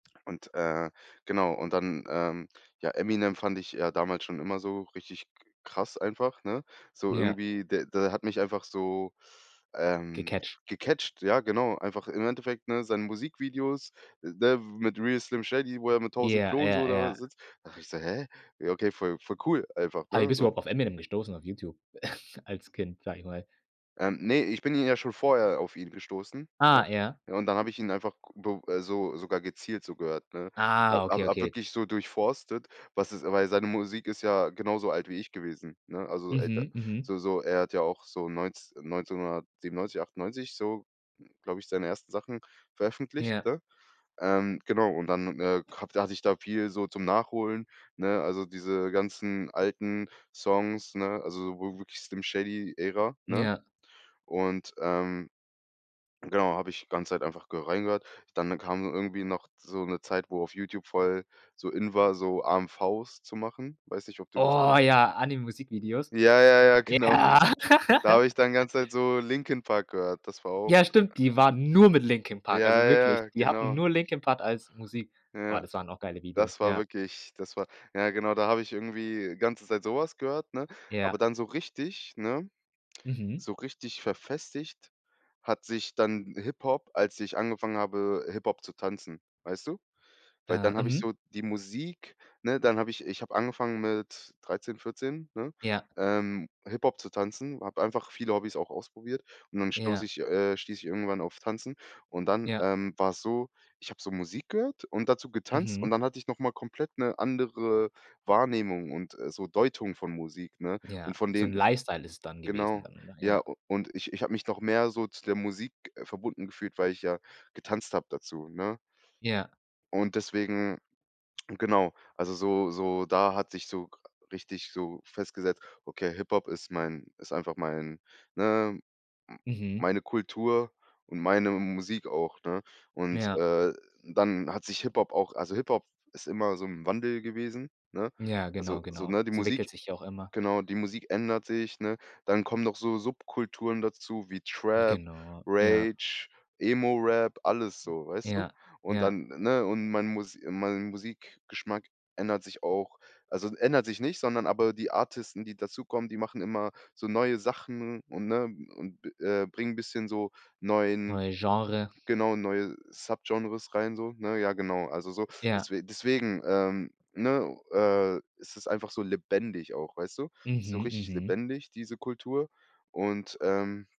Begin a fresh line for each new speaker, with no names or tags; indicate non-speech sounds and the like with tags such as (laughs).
Und, äh genau und dann, ähm, ja, „Eminem" fand ich ja damals schon immer so richtig k krass einfach, ne? So
Ja.
irgendwie, der der hat mich einfach so, ähm,
Gecatcht.
gecatcht, ja, genau, einfach im Endeffekt, ne, seine Musikvideos, ne, mit „Real Slim Shady", wo er mit 1.000
Ja,
Klonen so
ja,
da
ja.
sitzt. Dachte habe ich gesagt: „Hä?“ Ja, okay, voll voll cool einfach,
Aber wie
ne?
bist du
So.
überhaupt auf „Eminem“ gestoßen auf Youtube (chuckles) als Kind, sage ich mal?
Ähm, ne, ich bin ihn ja schon vorher auf ihn gestoßen, ja?
Ah, ja.
Ja, und dann habe ich ihn einfach g b äh, so sogar gezielt, so gehört, ne? Ha
Ah,
hab
okay,
hab
okay.
wirklich so durchforstet, was es weil seine Musik ist ja genauso alt wie ich gewesen, ne? Also, so älter
Mhm, mhm.
so so er hat ja auch so neunz 1997, 98 so, glaube ich, seine ersten Sachen veröffentlicht,
Ja.
ne? Ähm, genau, und dann äh, hatt hatte ich da viel so zum Nachholen, ne? Also, diese ganzen alten Songs, ne? Also, w wirklich „Slim Shady" Ära, ne?
Ja.
Und, ähm, genau, habe ich ganze Zeit einfach ge reingehört. Dann kam irgendwie noch so 'ne Zeit, wo auf Youtube voll so in war, so AMVs zu machen. Weiß nicht, ob du das
Oh ja, Anime-Musikvideos?
Ja, ja, ja, genau.
Ja.
Da habe ich dann
(laughs)
ganze Zeit so „Linkin Park" gehört. Das war auch
Ja, stimmt, die waren nur mit „Linkin
Ja
Park". Also
ja
wirklich,
ja,
die hatten
genau.
nur „Linkin Park" als Musik. Boah,
Ja,
das waren auch geile Videos,
das war
ja.
wirklich, das war ja, genau, da habe ich irgendwie ganze Zeit so was gehört, ne? Aber
Ja.
dann so richtig, ne,
Mhm.
so richtig verfestigt hat sich dann Hip-Hop, als ich angefangen habe, Hip-Hop zu tanzen, weißt du? Weil
Ah,
dann hab ich
mhm.
so die Musik, ne, dann habe ich ich habe angefangen mit 13, 14, ne,
Ja.
ähm, Hiphop zu tanzen, habe einfach viele Hobbys auch ausprobiert und dann stoße
Ja.
ich äh, stieß ich irgendwann auf Tanzen und dann,
Ja.
ähm, dann war's so, ich habe so Musik gehört und dazu getanzt und
Mhm.
dann hatte ich noch mal komplett 'ne andere Wahrnehmung und, äh, so Deutung von Musik, ne?
Ja,
Und von
so 'n
denen f
Lifestyle ist dann gewesen
Genau.
dann, oder?
Ja,
Ja.
u und ich ich habe mich noch mehr so zu der Musik verbunden gefühlt, weil ich ja getanzt hab dazu, ne?
Ja.
Und deswegen genau, also so so da hat sich so richtig so festgesetzt: „Okay, Hip-Hop ist mein ist einfach mein ne, m
Mhm.
meine Kultur und meine Musik auch“, ne? Und,
Ja.
äh, dann hat sich Hip-Hop auch also, Hip-Hop ist immer so im Wandel gewesen, ne?
Ja,
Also
genau,
so
genau.
ne, die
Es entwickelt
Musik
sich auch immer.
genau, die Musik ändert sich, ne? Dann kommen noch so Subkulturen dazu wie
J
Trap,
genau, ja.
Rage, Emo Rap, alles so, weißt du?
Ja,
Und
ja.
dann, ne? Und mein Mus mein Musikgeschmack ändert sich auch also, ändert sich nicht, sondern aber die Artisten, die dazukommen, die machen immer so neue Sachen und ne und b äh, bringen bisschen so neuen
Neue Genre.
genau, neue Subgenres rein so, ne? Ja, genau. Also, so
Ja.
deswe deswegen, ähm, ne, äh, ist es einfach so lebendig auch, weißt du? Ist so
Mhm,
richtig
mhm.
lebendig, diese Kultur und, ähm